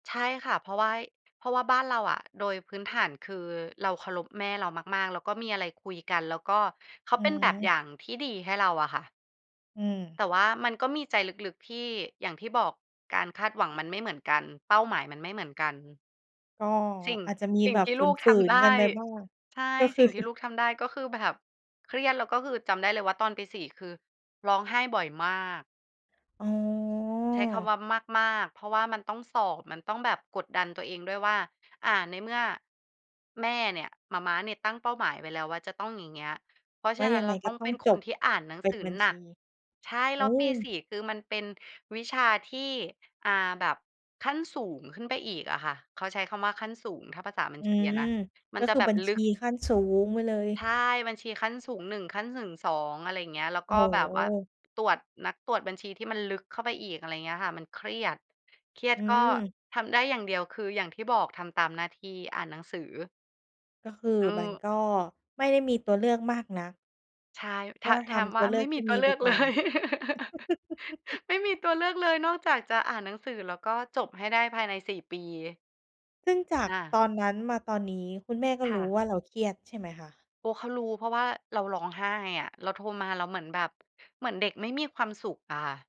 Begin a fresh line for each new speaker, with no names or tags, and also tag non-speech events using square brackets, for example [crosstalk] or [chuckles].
ใช่ค่ะ เพราะว่า เพราะว่าบ้านเราอะ โดยพื้นฐานคือเราเคารพแม่เรามาก ๆ แล้วก็มีอะไรคุยกัน แล้วก็ เขา
อื
เป็นแบบอย
ม
่างที่ดีให้เราอะค่ะ
อืม
แต่ว่ามันก็มีใจลึก ๆ ที่ อย่างที่บอก การคาดหวังมันไม่เหมือนกัน เป้าหมายมันไม่เหมือนกัน
ก็
สิ่ง
อาจจะมี
สิ่
แบ
ง
บ
ที่
ฝ
ลูกท
ื
ำ
น
ได
ๆ กั
้
นไปบ้าง
ใช่
ก็ค
ส
ื
ิ่
อ
งที่
[chuckles]
ลูกทำได้ก็คือแบบเครียด แล้วก็คือจำได้เลยว่า ตอนปี 4 คือร้องไห้บ่อยมาก
อ๋อ
ใช้คำว่ามาก ๆ เพราะว่ามันต้องสอบ มันต้องแบบกดดันตัวเองด้วยว่า อ่า ในเมื่อแม่เนี่ย หม่าม้าเนี่ยตั้งเป้าหมายไว้แล้วว่าจะต้องอย่างเงี้ย เพราะ
ว
ฉ
่
ะ
า
น
ย
ั้
ั
น
งไ
เ
ง
รา
ก
ต
็
้อง
ต้
เ
อ
ป็
ง
น
จ
คน
บ
ที่อ่านหนัง
เป็
ส
น
ือ
บัญ
หน
ช
ั
ี
ก ใช่
โอ
แล
้
้วปี 4 คือมันเป็นวิชาที่ อ่า แบบขั้นสูงขึ้นไปอีกอะค่ะ เขาใช้คำว่าขั้นสูง ถ้าภาษาบั
อ
ญ
ื
ชีอะ
ม
นะ ม
ก
ัน
็
จะ
คือ
แบ
บ
บ
ัญ
ล
ช
ึ
ี
ก
ขั้นสูงไปเลย
ใช่ บัญชีขั้นสูง 1 ขั้นสูง 2 อะไรอย่างเงี้ย แล้ว
โอ
ก
้
็
โ
แบบว่า
ฮ
ตรวจ นักตรวจบัญชีที่มันลึกเข้าไปอีก อะไรอย่างเงี้ยค่ะ มันเครียด เครีย
อ
ดก็
ืม
ทำได้อย่างเดียวคืออย่างที่บอก ทำตามหน้าที่ อ่านหนังสือ
ก็คือ
อื
มัน
อ
ก็ไม่ได้มีตัวเลือกมากนัก
ใช่ ถ
ก็ท
ถาม
ำต
ว่
ั
า
วเลื
ไม
อ
่
กท
มี
ี่
ต
ม
ั
ี
วเล
ไ
ื
ป
อก
ก
เล
่อน
ย [chuckles]
[chuckles]
ไม่มีตัวเลือกเลยนอกจากจะอ่านหนังสือ แล้วก็จบให้ได้ภายใน 4 ปี
ซึ่งจาก
ค่ะ
ตอนนั้นมาตอนนี้คุณแม่ก็
ค
ร
่
ู้
ะ
ว่าเราเครียดใช่ไหมคะ?
โอ้ เขารู้ เพราะว่าเราร้องไห้อะ เราโทรมา เราเหมือนแบบ เหมือนเด็กไม่มีความสุขอะค่ะ